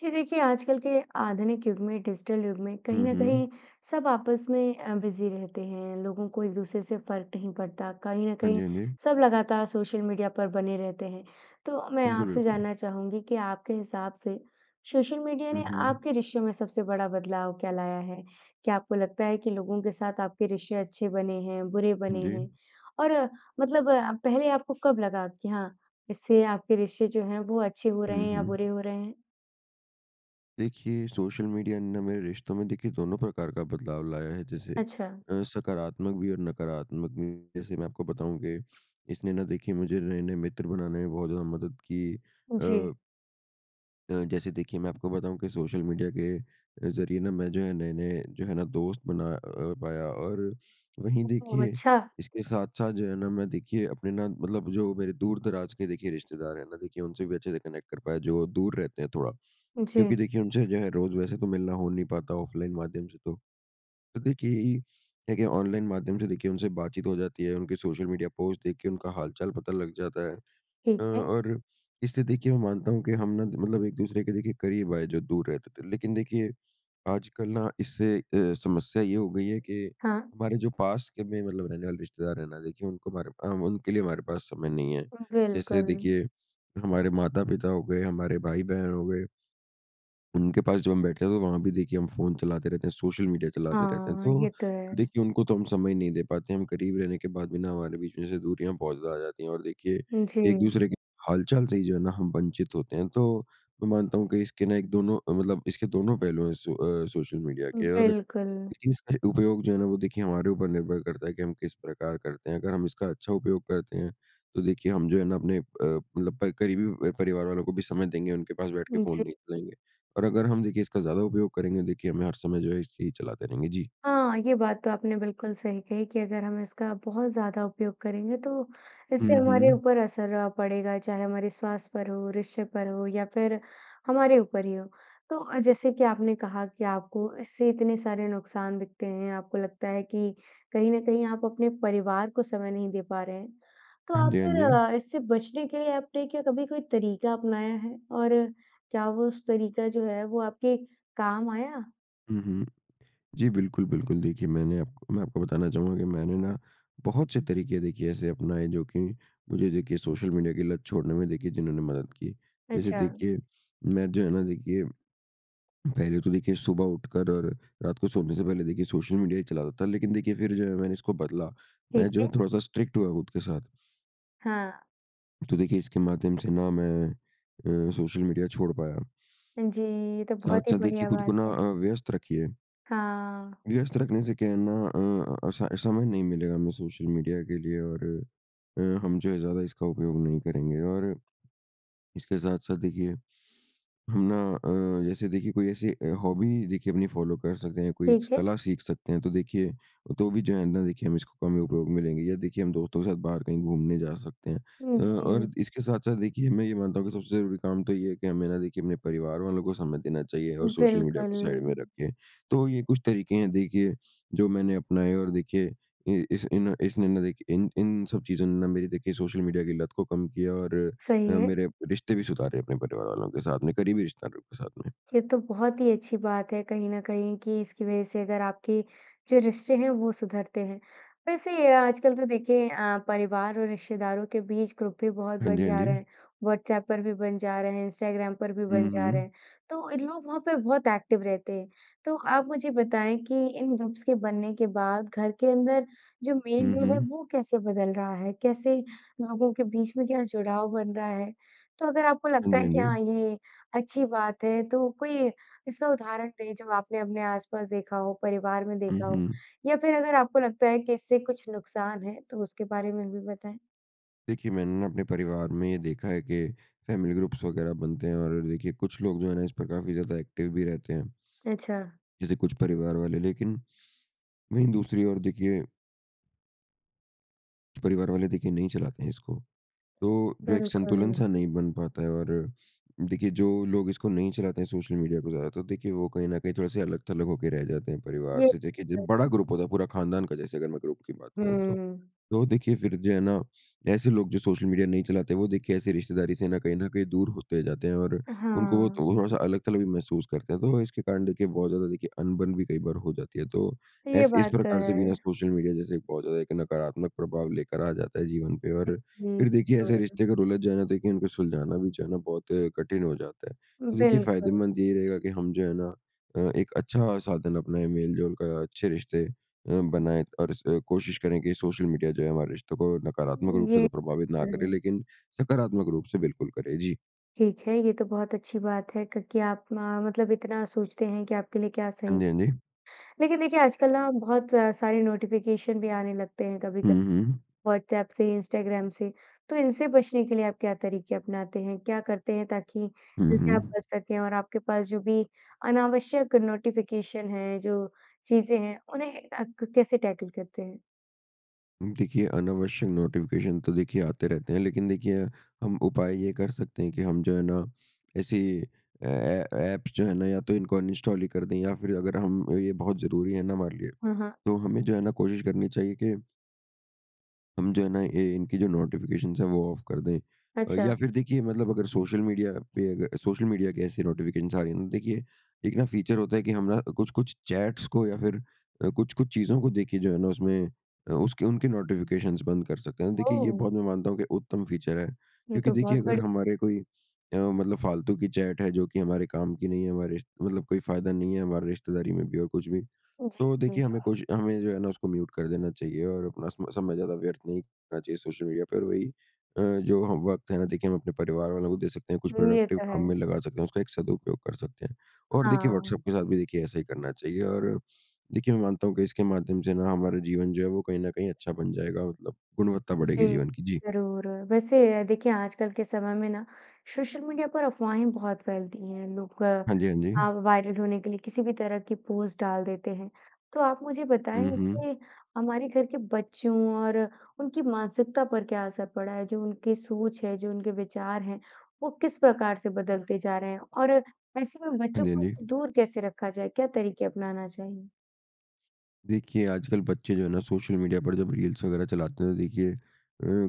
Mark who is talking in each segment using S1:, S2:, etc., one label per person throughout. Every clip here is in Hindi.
S1: जी। देखिए आजकल के आधुनिक युग में डिजिटल युग में कहीं
S2: हुँ,
S1: न
S2: हुँ।
S1: कहीं सब आपस में अ, बिज़ी रहते हैं। लोगों को एक-दूसरे से फ़र्क नहीं पड़ता। कहीं न
S2: हाँ जी,
S1: कहीं
S2: हाँ जी।
S1: सब लगातार सोशल मीडिया पर बने रहते हैं। तो मैं
S2: बिल्कुल,
S1: आपसे
S2: बिल्कुल।
S1: जानना चाहूँगी कि आपके हिसाब से सोशल मीडिया
S2: हुँ,
S1: ने
S2: हुँ।
S1: आपके रिश्तों में सबसे बड़ा बदलाव क्या लाया है? क्या आपको लगता है कि लोगों के साथ आपके रिश्ते अच्छे बने हैं, बुरे
S2: हाँ,
S1: बने हैं
S2: जी।
S1: और मतलब पहले आपको कब लगा कि हाँ, इससे आपके रिश्ते जो हैं वो अच्छे हो रहे
S2: हुँ,
S1: हैं या बुरे
S2: हुँ।
S1: हो रहे हैं?
S2: देखिए सोशल मीडिया ना मेरे रिश्तों में देखिए दोनों प्रकार का बदलाव लाया है जैसे
S1: अच्छा।
S2: अ, सकारात्मक भी और नकारात्मक भी। जैसे मैं आपको बताऊँ कि इसने ना देखिए मुझे नए-नए मित्र बनाने में बहुत ज़्यादा मदद की।
S1: जी।
S2: अ अ, जैसे देखिए मैं आपको बताऊँ कि सोशल मीडिया के अ, ज़रिए ना मैं जो है नए-नए जो है ना दोस्त बना अ, पाया। और वहीं
S1: ओ ओह!
S2: देखिए
S1: अच्छा।
S2: इसके साथ-साथ जो है ना मैं देखिए अपने ना मतलब जो मेरे दूर-दराज़ के देखिए रिश्तेदार हैं ना देखिए उनसे भी अच्छे से कनेक्ट कर पाया जो दूर रहते हैं थोड़ा। क्योंकि
S1: जी।
S2: देखिए उनसे जो है रोज़ वैसे तो मिलना हो नहीं पाता ऑफ़लाइन माध्यम से तो। तो देखिए ई देखिए ऑनलाइन माध्यम से देखिए उनसे बातचीत हो जाती है। उनके सोशल मीडिया पोस्ट देख के उनका हाल-चाल पता लग जाता है। अ,
S1: ठीक है।
S2: और इसलिए देखिए मैं मानता हूँ कि हम ना मतलब एक-दूसरे के देखिए करीब आए जो दूर रहते थे। लेकिन देखिए आजकल ना इससे अ, समस्या ये हो गई है कि
S1: हाँ।
S2: हमारे जो पास के में मतलब रहने वाले रिश्तेदार हैं ना देखिए उनको हमारे हम उनके लिए हमारे पास समय नहीं है।
S1: हुँ,
S2: जैसे
S1: बिल्कुल।
S2: देखिए हमारे माता-पिता हो गए, हमारे भाई-बहन हो गए। उनके पास जो हम बैठते हैं तो वहाँ भी देखिए हम फ़ोन चलाते रहते हैं सोशल मीडिया चलाते रहते हैं।
S1: हाँ।
S2: तो
S1: ये तो है।
S2: देखिए उनको तो हम समय नहीं दे पाते हम करीब रहने के बाद भी ना हमारे बीच में से दूरियाँ बहुत ज़्यादा आ जाती हैं। और देखिए
S1: जी।
S2: एक-दूसरे के हाल-चाल से ही जो है ना हम वंचित होते हैं तो मैं मानता हूँ कि इसके ना एक दोनों मतलब इसके दोनों पहलू हैं सो अ सोशल मीडिया के। और
S1: बिल्कुल।
S2: लेकिन इसका उपयोग जो है ना वो देखिए हमारे ऊपर निर्भर करता है कि हम किस प्रकार करते हैं। अगर हम इसका अच्छा उपयोग करते हैं तो देखिए हम जो है ना अपने अ, मतलब प करीबी अ, परिवार वालों को भी समय देंगे। उनके पास बैठके
S1: उजी।
S2: फ़ोन नहीं चलाएँगे। और अगर हम देखिए इसका ज़्यादा उपयोग करेंगे देखिए हमें हर समय जो है ये ही चलाते रहेंगे। जी।
S1: हाँ। ये बात तो आपने बिल्कुल सही कहीं कि अगर हम इसका बहुत ज़्यादा उपयोग करेंगे तो इससे
S2: हुँ,
S1: हमारे
S2: हुँ।
S1: ऊपर असर पड़ेगा चाहे हमारे स्वास्थ्य पर हो रिश्ते पर हो या फ़िर हमारे ऊपर ही हो। तो अ, जैसे कि आपने कहा कि आपको इससे इतने सारे नुकसान दिखते हैं। आपको लगता है कि कहीं न कहीं आप अपने परिवार को समय नहीं दे पा रहे हैं। तो
S2: हाँ
S1: आप
S2: जी, हाँ जी।
S1: फ़िर इससे बचने के लिए आपने क्या कभी कोई तरीका अपनाया है? और क्या वो उस तरीका जो है वो आपके काम आया?
S2: हुँ, हुँ। जी, बिल्कुल, बिल्कुल। देखिए मैंने आपको मैं आपको बताना चाहूँगा कि मैंने ना बहुत से तरीके देखिए ऐसे अपनाए जो कि मुझे देखिए सोशल मीडिया के लत छोड़ने में देखिए जिन्होंने मदद की। जैसे
S1: अच्छा।
S2: देखिए मैं जो है ना देखिए पहले तो देखिए सुबह उठकर और रात को सोने से पहले देखिए सोशल मीडिया ही चलाता था लेकिन देखिए फ़िर जो है मैंने इसको बदला। मैं
S1: ठीक
S2: जो है
S1: है।
S2: थोड़ा-सा स्ट्रिक्ट हुआ खुद के साथ।
S1: हाँ।
S2: तो देखिए इसके माध्यम से ना मैं अ, सोशल मीडिया छोड़ पाया।
S1: जी। ये तो बहुत ही
S2: साथ-साथ देखिए
S1: बढ़िया
S2: खुद को
S1: बात
S2: ना
S1: है।
S2: अ, व्यस्त रखिए।
S1: हाँ।
S2: व्यस्त रखने से क्या है ना अ, असा समय नहीं मिलेगा हमें सोशल मीडिया के लिए और अ, हम जो है ज़्यादा इसका उपयोग नहीं करेंगे। और इसके साथ-साथ देखिए हम ना अ, जैसे देखिए कोई ऐसी अ, हॉबी देखिए अपनी फ़ॉलो कर सकते हैं कोई स
S1: ठीक है।
S2: कला सीख सकते हैं। तो देखिए तो भी जो है ना देखिए हम इसको कम ही उपयोग में लेंगे या देखिए हम दोस्तों के साथ बाहर कहीं घूमने जा सकते हैं।
S1: उ,
S2: अ,
S1: जी।
S2: और इसके साथ-साथ देखिए मैं ये मानता हूँ कि सबसे ज़रूरी काम तो ये है कि, हमें ना देखिए अपने परिवार वालों को समय देना चाहिए और सोशल मीडिया
S1: बिल्कुल।
S2: को साइड में रखिए। तो ये कुछ तरीके हैं देखिए जो मैंने अपनाए और देखिए इ इस इन इसने ना देखिए इन इन सब चीज़ों ने ना मेरी देखिए सोशल मीडिया की लत को कम किया और अ,
S1: सही है।
S2: मेरे रिश्ते भी सुधारे अपने परिवार वालों के साथ में करीबी रिश्तेदारों के साथ में।
S1: ये तो बहुत ही अच्छी बात है कहीं न कहीं कि इसकी वज़ह से अगर आपकी जो रिश्ते हैं वो सुधरते हैं। वैसे आजकल तो देखिए अ, परिवार और रिश्तेदारों के बीच ग्रुप भी बहुत
S2: हाँ
S1: बन
S2: जी, हाँ
S1: जा रहे
S2: जी।
S1: हैं। व्हाट्सऐप पर भी बन जा रहे हैं इंस्टग्राम पर भी
S2: हुँ,
S1: बन जा रहे
S2: हुँ।
S1: हैं तो इन लोग वहाँ पे बहुत एक्टिव रहते हैं। तो आप मुझे बताएँ कि इन ग्रुप्स के बनने के बाद घर के अंदर जो मेल
S2: हुँ,
S1: जो है
S2: हुँ।
S1: वो कैसे बदल रहा है? कैसे लोगों के बीच में क्या जुड़ाव बन रहा है? तो अगर आपको
S2: हाँ
S1: लगता
S2: जी, हाँ
S1: है कि हाँ,
S2: जी।
S1: ये अच्छी बात है तो कोई इसका उदाहरण दें जब आपने अपने आस-पास देखा हो परिवार में
S2: हुँ,
S1: देखा हो
S2: हुँ।
S1: या फ़िर अगर आपको लगता है कि इससे कुछ नुकसान है तो उसके बारे में भी बताएँ।
S2: देखिए मैंने न अपने परिवार में ये देखा है कि फैमिली ग्रुप्स वगैरह बनते हैं और देखिए कुछ लोग जो हैं न इस पर काफ़ी ज़्यादा एक्टिव भी रहते हैं।
S1: अच्छा।
S2: जैसे कुछ परिवार वाले लेकिन वहीं दूसरी ओर देखिए कुछ परिवार वाले देखिए नहीं चलाते हैं इसको। तो जो एक संतुलन
S1: बिल्कुल।
S2: सा नहीं बन पाता है और देखिए जो लोग इसको नहीं चलाते हैं सोशल मीडिया को ज़्यादातर तो देखिए वो कहीं न कहीं थोड़े-से अलग-थलग होके रह जाते हैं परिवार
S1: ये
S2: से, देखिए ज
S1: त
S2: बड़ा ग्रुप होता है पूरा खानदान का जैसे अगर मैं ग्रुप की बात करूँ तो।
S1: हुँ।
S2: तो देखिए फिर जो है ना, ऐसे लोग जो सोशल मीडिया नहीं चलाते वो देखिए ऐसे रिश्तेदारी से न कहीं न कहीं दूर होते जाते हैं और उनको वो
S1: हाँ।
S2: तो वो थोड़ा-सा अलग-थलग भी महसूस करते हैं, तो इसके कारण देखिए बहुत ज़्यादा देखिए अनबन भी कई बार हो जाती है, तो
S1: ये
S2: ऐसे इस
S1: बात तो
S2: प्रकार से बिना
S1: है।
S2: सोशल मीडिया जैसे एक बहुत ज़्यादा एक नकारात्मक प्रभाव लेकर आ जाता है जीवन पे,
S1: [unintelligible]
S2: और
S1: हुँ,
S2: फिर देखिए ऐसे
S1: हाँ।
S2: रिश्ते अगर उलझ जाएँ ना देखिए उनको सुलझाना भी जो है न बहुत कठिन हो जाता है। तो देखिए
S1: बिल्कुल।
S2: फ़ायदेमंद यही रहेगा की हम जो है ना अ, एक अच्छा साधन अपने मेल-जोल का अच्छे रिश्ते अ,
S1: हुँ।
S2: बनाएँ और इस कोशिश करें की सोशल मीडिया जो है हमारे रिश्तों को नकारात्मक रूप से
S1: ये
S2: तो प्रभावित
S1: तो
S2: ना करें
S1: है।
S2: लेकिन सकारात्मक रूप से बिल्कुल करें। जी।
S1: ठीक है। ये तो बहुत अच्छी बात है क कि आप म मतलब इतना सोचते हैं कि आपके लिए क्या
S2: हाँ
S1: सही
S2: जी, हाँ जी।
S1: लेकिन देखिए आजकल ना बहुत सारी नोटिफ़िकेशन भी आने लगते हैं कभी-कभी,
S2: हुँ, हुँ।
S1: व्हाट्सऐप से इंस्टाग्राम से। तो इनसे बचने के लिए आप क्या तरीके अपनाते हैं? क्या करते हैं ताकि
S2: हुँ,
S1: इनसे आप
S2: हुँ।
S1: बच सकें? और आपके पास जो भी अनावश्यक नोटिfiकेशन है, जो चीज़ें हैं उन्हें अ, क कैसे टैकल करते हैं?
S2: देखिए, अनावश्यक नोटिफिकेशन तो देखिए आते रहते हैं, लेकिन देखिए, हम उपाय ये कर सकते हैं कि हम जो है ना, ऐसी अ, ए एप्स जो हैं ना, या तो इनको अनइन्स्टॉल ही कर दें या फिर अगर हम ये बहुत ज़रूरी है ना हमारे लिए,
S1: हाँ, हाँ।
S2: तो हमें जो है ना कोशिश करनी चाहिए कि हम जो है ना, इ इनकी जो नोटिफिकेशन्स हैं, वो ऑफ कर दें अ,
S1: अच्छा।
S2: या फिर देखिए मतलब अगर सोशल मीडिया पे अग सोशल मीडिया के ऐसे नोटिफिकेशन्स आ रही हैं ना, देखिए, एक ना फ़ीचर होता है कि हम ना कुछ-कुछ चैट्स को या फिर अ, कुछ-कुछ चीज़ों को देखिए जो है ना उसमें अ, उसके उनके नोटिफिकेशन्स बंद कर सकते हैं। देखिए, ये
S1: ओह!
S2: बहुत मैं मानता हूँ कि उत्तम फ़ीचर है
S1: ये
S2: क्योंकि
S1: तो बहुत
S2: देखिए अगर
S1: बढि
S2: हमारे कोई अ, मतलब फ़ालतू की चैट है, जो कि हमारे कम की नहीं है हमारे मतलब कोई फ़ायदा नहीं है, हमारे रिश्तेदारी में भी और कुछ भी, तो
S1: जी।
S2: देखिए, हमें कोशि हमें जो है ना उसको म्यूट कर देना चाहिए और अपना सम समय ज़्यादा व्यर्थ नहीं करना चाहिए सोशल मीडिया पर। वही अ, जो हम वक़्त है ना, देखिए हम अपने परिवार वालों को दे सकते हैं, कुछ
S1: ये
S2: प्रोडक्टिव
S1: तो
S2: काम
S1: है।
S2: में लगा सकते हैं, उसका एक सदुपयोग कर सकते हैं। और देखिए,
S1: हाँ।
S2: व्हॉट्सऐप के साथ भी देखिए ऐसा ही करना चाहिए और देखिए, मैं मानता हूँ कि इसके माध्यम से ना हमारे जीवन जो है, वो कहीं न कहीं अच्छा बन जाएगा मतलब गुणवत्ता बढ़ेगी
S1: जी,
S2: जीवन की। जी।
S1: ज़रूर। वैसे, देखिए आजकल के समय में ना, सोशल मीडिया पर अफ़वाहें बहुत फैलती हैं। लोग
S2: हाँ जी, हाँ
S1: अ,
S2: जी।
S1: वायरल होने के लिए किसी भी तरह की पोस्ट डाल देते हैं। तो आप मुझे
S2: हुँ,
S1: बताएँ,
S2: हुँ।
S1: इससे हमारे घर के बच्चों और उनकी मानसिकता पर क्या असर पड़ा है? जो उनके सोच है, जो उनके विचार हैं, वो किस प्रकार से बदलते जा रहे हैं और ऐसे में
S2: हाँ
S1: बच्चों
S2: जी, हाँ
S1: को
S2: जी।
S1: दूर कैसे रखा जाए? क्या तरीके अपनाना चाहिए?
S2: देखिए आजकल बच्चे जो है ना सोशल मीडिया पर जब रील्स वग़ैरह चलाते हैं तो देखिए अ,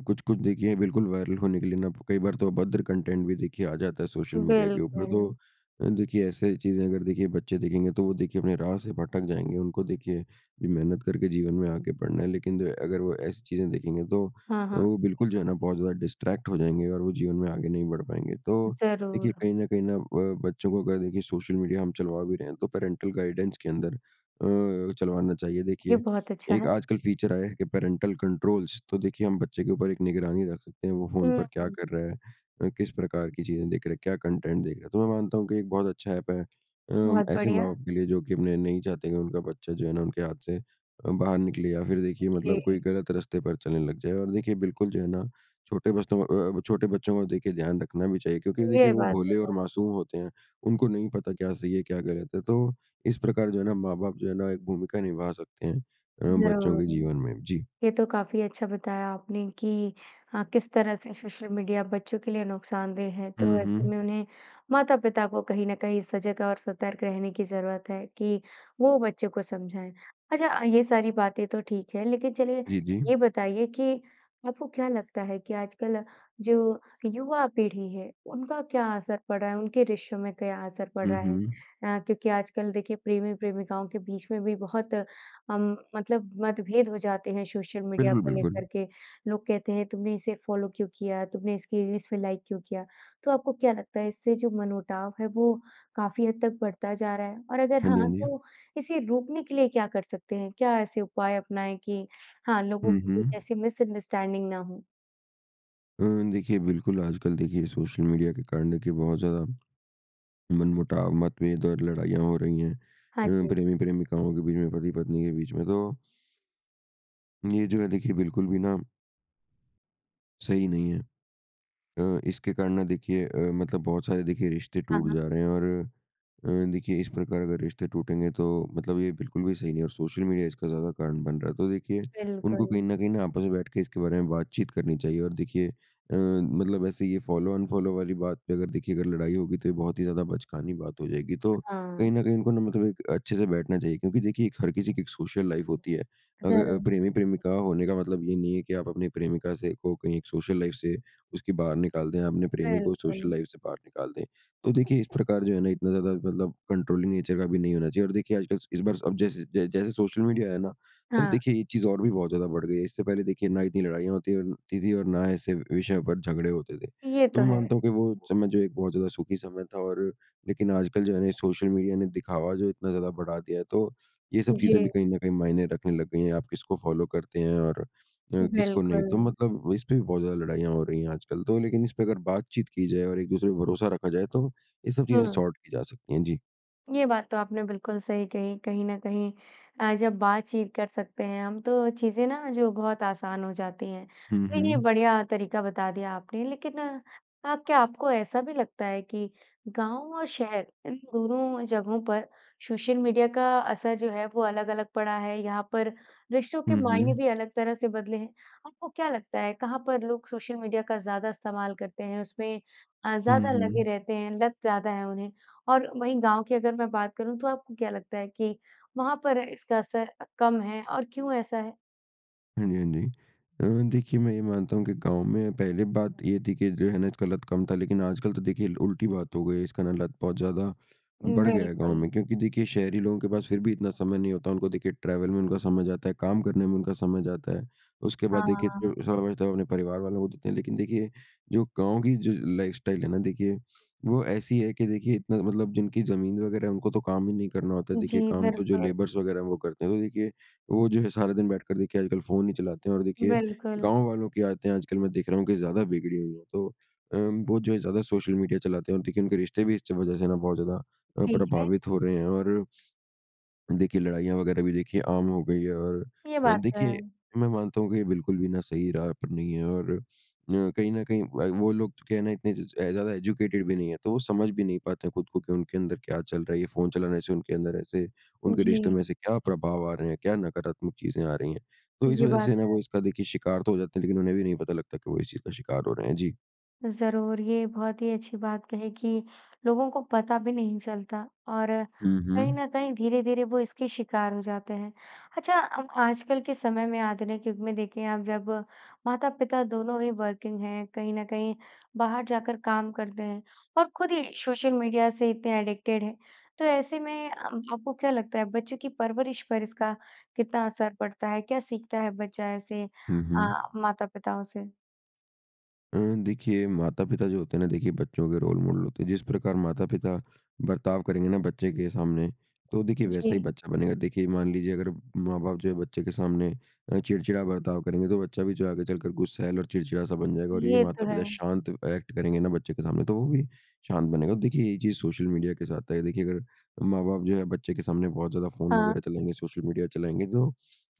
S2: कुछ-कुछ देखिए बिल्कुल वायरल होने के लिए ना कई बार तो अभद्र कंटेंट भी देखिए आ जाता है सोशल मीडिया के ऊपर तो
S1: बिल्कुल।
S2: अ, देखिए ऐसे चीज़ें अगर देखिए बच्चे देखेंगे तो वो देखिए अपने राह से भटक जाएँगे। उनको देखिए मेहनत करके जीवन में आगे बढ़ना है लेकिन जो है अगर वो ऐसी चीज़ें देखेंगे तो
S1: हाँ, हाँ।
S2: वो बिल्कुल जो है ना बहुत ज़्यादा डिस्टरैक्ट हो जाएँगे और वो जीवन में आगे नहीं बढ़ पाएँगे। तो देखिए
S1: ज़रूर।
S2: कहीं न कहीं न अ, बच्चों को अगर देखिए सोशल मीडिया हम चलवा भी रहे हैं। तो पेरेंटल गाइडेंस के अंदर अ, चलवाना चाहिए।
S1: ये
S2: देखिए
S1: बहुत अच्छा
S2: एक
S1: है।
S2: आजकल फीचर आया है कि पेरेंटल कंट्रोल्स। तो देखिए हम बच्चे के ऊपर एक निगरानी रख सकते हैं वो फ़ोन पर
S1: हुँ,
S2: क्या
S1: हुँ।
S2: कर रहा है? अ, किस प्रकार की चीज़ें देख रहा, क्या कंटेंट देख रहा तो मैं मानता हूँ कि एक बहुत अच्छा एप है। अ,
S1: बहुत
S2: ऐसे
S1: बढ़िया।
S2: माँ-बाप के लिए जो कि अपने नहीं चाहते कि उनका बच्चा जो है ना उनके हाथ से अ, बाहर निकले या फिर देखिए मतलब
S1: जी।
S2: कोई गलत रस्ते पर चलने लग जाए और देखिए बिल्कुल जो है ना छोटे बस्तों को अ अ, छोटे बच्चों का देखिए ध्यान रखना भी चाहिए क्योंकि देखिए
S1: ये
S2: वो
S1: बात तो
S2: भोले और
S1: है।
S2: मासूम होते हैं। उनको नहीं पता क्या सही है क्या गलत है। तो इस प्रकार जो है ना माँ-बाप जो है ना एक भूमिका निभा सकते हैं अ, बच्चों
S1: ज़रूर।
S2: के जीवन में। जी।
S1: ये तो काफ़ी अच्छा बताया आपने कि हाँ, किस तरह से सोशल मीडिया बच्चों के लिए नुकसानदेह हैं तो
S2: हुँ,
S1: ऐसे
S2: हुँ।
S1: में उन्हें माता-पिता को कहीं न कहीं सजग और सतर्क रहने की ज़रूरत है कि वो बच्चों को समझाएँ। अच्छा अ, ये सारी बातें तो ठीक है लेकिन चलिए
S2: जी, जी।
S1: ये बताइए कि आपको क्या लगता है कि आजकल जो युवा पीढ़ी है, उनका क्या असर पड़ा है? उनके रिश्तों में क्या असर पड़
S2: हुँ,
S1: रहा है?
S2: हुँ।
S1: अ, क्योंकि आजकल देखिए प्रेमी-प्रेमिकाओं के बीच में भी बहुत अम मतलब मतभेद हो जाते हैं सोशल मीडिया
S2: बिल्कुल,
S1: को
S2: बिल्कुल।
S1: लेकर के। लोग कहते हैं तुमने इसे फ़ॉलो क्यों किया? तुमने इसकी रील्स पे लाइक क्यों किया? तो आपको क्या लगता है इससे जो मनमुटाव है वो काफ़ी हद तक बढ़ता जा रहा है? और अगर
S2: हाँ जी,
S1: हाँ,
S2: हाँ जी।
S1: तो इसे रोकने के लिए क्या कर सकते हैं? क्या ऐसे उपाय अपनाएँ कि हाँ, लोगों
S2: हुँ,
S1: के लिए
S2: हुँ।
S1: जैसी मिसअंडरस्टैंडिंग ना हो।
S2: अ, देखिए बिल्कुल आजकल देखिए सोशल मीडिया के कारण देखिए बहुत ज़्यादा, मनमुटाव, मत्तभेद और लड़ाइयाँ हो रही हैं।
S1: हाँ,
S2: अ,
S1: जी।
S2: प्रेमी-प्रेमिकाओं के बीच में पति-पत्नी के बीच में तो ये जो है देखिए बिल्कुल भी ना सही नहीं है। अ, इसके कारण ना देखिए अ, मतलब बहुत सारे देखिए रिश्ते
S1: हाँ,
S2: टूट
S1: हाँ।
S2: जा रहे हैं और अ, देखिए इस प्रकार अगर रिश्ते टूटेंगे तो मतलब ये बिल्कुल भी सही नहीं है, और सोशल मीडिया इसका ज़्यादा कारण बन रहा है। तो देखिए उनको कहीं
S1: बिल्कुल।
S2: न कहीं न आपस में बैठ के इसके बारे में बातचीत करनी चाहिए। और देखिए अ, मतलब ऐसे ये फ़ॉलो अनफ़ॉलो वाली बात पे अगर देखिए अगर लड़ाई होगी तो ये बहुत ही ज़्यादा बचकानी बात हो जाएगी। तो कहीं
S1: हाँ।
S2: न कहीं इनको ना मतलब एक अच्छे से बैठना चाहिए। क्योंकि देखिए एक हर किसी की एक सोशल लाइफ़ होती है। अग अ,
S1: ज़रूर।
S2: प्रेमी-प्रेमिका होने का मतलब ये नहीं है कि आप अपने प्रेमिका से को कहीं एक सोशल लाइफ़ से उसकी बाहर निकाल दें। अपने प्रेमी को सोशल
S1: बिल्कुल।
S2: लाइफ़ से बाहर निकाल दें। तो देखिए इस प्रकार जो है ना इतना ज़्यादा मतलब कंट्रोलिंग नेचर का भी नहीं होना चाहिए। और देखिए आजकल इस बार अब जैसे जै जैसे सोशल मीडिया आया है ना? तो अब
S1: हाँ।
S2: देखिए एक चीज़ और भी बहुत ज़्यादा बढ़ गई है। इससे पहले देखिए ना इतनी लड़ाइयाँ होती और होती थी और ऐसे विषयों पे झगड़े होते थे।
S1: ये
S2: तो
S1: तो
S2: मैं
S1: है।
S2: मानता हूँ कि वो समय जो है एक बहुत ज़्यादा सुखी समय था और लेकिन आजकल जो है ना ये सोशल मीडिया ने दिखावा जो इतना ज़्यादा बढ़ा दिया है तो ये सब चीज़ें भी
S1: जी।
S2: कहीं न कहीं मायने रखने लग गई हैं, आप किसको फ़ॉलो करते हैं और अ, किसको नहीं। तो
S1: बिल्कुल।
S2: मतलब इस पे भी बहुत ज़्यादा लड़ाइयाँ हो रही हैं आजकल। तो लेकिन इस पे अगर बातचीत की जाए और एक-दूसरे पे भरोसा रखा जाए तो ये सब चीज़ें
S1: हुँ।
S2: सॉर्ट की जा सकती हैं। जी।
S1: ये बात तो आपने बिल्कुल सही कही, कहीं न कहीं। अ, जब बातचीत कर सकते हैं हम तो चीज़ें ना जो बहुत आसान हो जाती हैं।
S2: हुँ,
S1: तो ये
S2: हुँ।
S1: बढ़िया तरीका बता दिया आपने लेकिन आप क्या आपको ऐसा भी लगता है कि गाँव और शहर इन दोनों जगहों पर सोशल मीडिया का असर जो है वो अलग-अलग पड़ा है? यहाँ पर रिश्तों के
S2: हुँ,
S1: मायने
S2: हुँ।
S1: भी अलग तरह से बदले हैं? आपको क्या लगता है कहाँ पर लोग सोशल मीडिया का ज़्यादा इस्तेमाल करते हैं उसमें अ,
S2: हुँ,
S1: ज़्यादा लगे
S2: हुँ।
S1: रहते हैं, लत ज़्यादा हैं उन्हें? और वहीं गाँव की अगर मैं बात करूँ तो आपको क्या लगता है कि वहाँ पर इसका असर अ, कम है और क्यों ऐसा है?
S2: हाँ जी, हाँ जी। अ, देखिए मैं ये मानता हूँ कि गाँव में पहले बात ये थी कि जो है ना इसका लत कम था लेकिन आजकल तो देखिए ल उल्टी बात हो गई है। इसका ना लत बहुत ज़्यादा बढ़ गया गाँव
S1: बिल्कुल।
S2: में। क्योंकि देखिए शहरी लोगों के पास फिर भी इतना समय नहीं होता। उनको देखिए ट्रेवल में उनका समय जाता है। काम करने में उनका समय जाता है। उसके
S1: हाँ,
S2: बाद
S1: हाँ,
S2: देखिए
S1: हाँ,
S2: जो
S1: हाँ।
S2: समय बचत है वो उन्हें परिवार वालों को देते हैं, लेकिन देखिए जो गाँव की जो लाइफ़स्टाइल है ना देखिए, वो ऐसी है कि देखिए इतना मतलब जिनकी ज़मीन वग़ैरह है उनको तो काम ही नहीं करना होता है। देखिए
S1: जी।
S2: काम
S1: ज़र
S2: तो जो
S1: तो
S2: लेबर्स वग़ैरह हैं वो करते हैं। तो देखिए वो जो है सारा दिन बैठकर देखिए आजकल फ़ोन ही चलाते हैं और देखिए
S1: बिल्कुल।
S2: गाँव वालों की आदतें हैं आजकल मैं देख रहा हूँ कि ज़्यादा बिगड़ी हुई है। तो अ, वो जो है ज़्यादा सोशल मीडिया चलाते हैं और देखिए उनके रिश्ते भी इस च वज़ह से ना बहुत ज़्यादा अ,
S1: ठीक है।
S2: प्रभावित हो रहे हैं और देखिए लड़ाइयाँ वग़ैरह भी देखिए आम हो गई है और
S1: ये
S2: अ,
S1: बात तो
S2: देखिए
S1: है।
S2: मैं मानता हूँ कि ये बिल्कुल भी ना सही राह पर नहीं है और अ, कहीं न कहीं व वो लोग जो क्या है ना इतने ज़ ज़ अ, ज़्यादा एजुकेटेड भी नहीं है। तो वो समझ भी नहीं पाते हैं खुद को कि उनके अंदर क्या चल रहा है? ये फ़ोन चलाना से उनके अंदर ऐसे उनके रिश्ते
S1: जी।
S2: में ऐसे क्या प्रभाव आ रहे हैं? क्या नकारात्मक चीज़ें आ रही हैं? तो इस
S1: ये
S2: वज़ह
S1: बात
S2: से ना
S1: है।
S2: वो इसका देखिए शिकार तो हो जाता है, लेकिन उन्हें भी नहीं पता लगता कि वो इस चीज़ का शिकार हो रहे हैं। जी।
S1: ज़रूर। ये बहुत ही अच्छी बात कही कि लोगों को पता भी नहीं चलता, और
S2: हुँ,
S1: कहीं
S2: हुँ।
S1: न कहीं धीरे-धीरे वो इसके शिकार हो जाते हैं। अच्छा, हम आजकल के समय में आधुनिक युग में देखें अब जब माता-पिता दोनों ही वर्किंग हैं, कहीं न कहीं बाहर जाकर काम करते हैं और खुद ही सोशल मीडिया से इतने एडिक्टेड हैं। तो ऐसे में अ, आपको क्या लगता है बच्चों की परवरिश पर इसका कितना असर पड़ता है? क्या सीखता है बच्चा ऐसे
S2: हुँ, हुँ।
S1: अ, माता-पिताओं से?
S2: अ, देखिए माता-पिता जो होते हैं ना देखिए बच्चों के रोल मॉडल होते हैं। जिस प्रकार माता-पिता बर्ताव करेंगे ना बच्चे के सामने, तो देखिए वैसा ही
S1: जी।
S2: बच्चा बनेगा। देखिए, मान लीजिए अगर माँ-बाप जो हैं बच्चे के सामने अ, चिड़चिड़ा बर्ताव करेंगे, तो बच्चा भी जो आगे चलकर गुस्सैल और चिड़चिड़ा सा बन जाएगा, और यही
S1: ये तो है।
S2: माता-पिता शांत ऐक्ट करेंगे ना बच्चे के सामने, तो वो भी शांत बनेगा। देखिए, ये ही चीज़ सोशल मीडिया के साथ है। देखिए, अगर माँ-बाप जो हैं बच्चे के सामने बहुत ज़्यादा फ़ोन
S1: हाँ।
S2: वगैरह चलाएँगे, सोशल मीडिया, चलाएँगे तो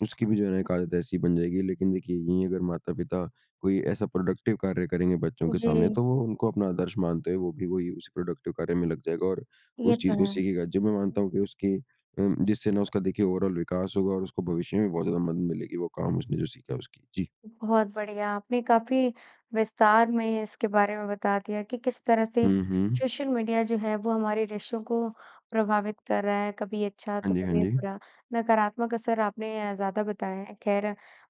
S2: उसकी भी जो है ना एक आदत ऐसी बन जाएगी लेकिन देखिए यहीं अगर माता-पिता कोई ऐसा प्रोडक्टिव कार्य करेंगे बच्चों के सामने
S1: जी।
S2: तो वो उनको अपना आदर्श मानते हैं। वो भी वही उस प्रोडक्टिव कार्य में लग जाएगा और
S1: ये
S2: उस
S1: तो
S2: चीज़ को
S1: है।
S2: सीखेगा। जो मैं मानता हूँ कि उसकी अ, जिससे ना उसका देखिए ओवरऑल विकास होगा, और उसको भविष्य में बहुत ज़्यादा मदद मिलेगी वो काम उसने जो सीखा उसकी जी।
S1: बहुत बढ़िया, आपने काफ़ी विस्तार में इसके बारे में बता दिया कि, किस तरह से
S2: हुँ, हुँ।
S1: सोशल मीडिया जो है, वो हमारे रिश्तों को प्रभावित कर रहा है। कभी अच्छा,
S2: हाँ,
S1: तो
S2: जी। हाँ,
S1: कभी
S2: जी।
S1: बुरा। नकारात्मक असर आपने ज़्यादा बताएँ है। खैर,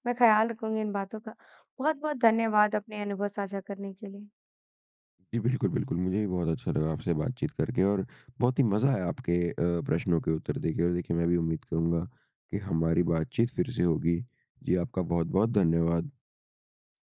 S1: मैं ख़्याल रखूँगी इन बातों का। बहुत-बहुत धन्यवाद अपने अनुभव साझा करने के लिए।
S2: जी बिल्कुल, बिल्कुल। मुझे भी बहुत अच्छा लगा आपसे बातचीत करके, और बहुत ही मज़ा आया आपके अ, प्रश्नों के उत्तर देके और देखिए, मैं भी उम्मीद करुँगा कि हमारी बातचीत फिर से होगी। जी आपका बहुत-बहुत धन्यवाद।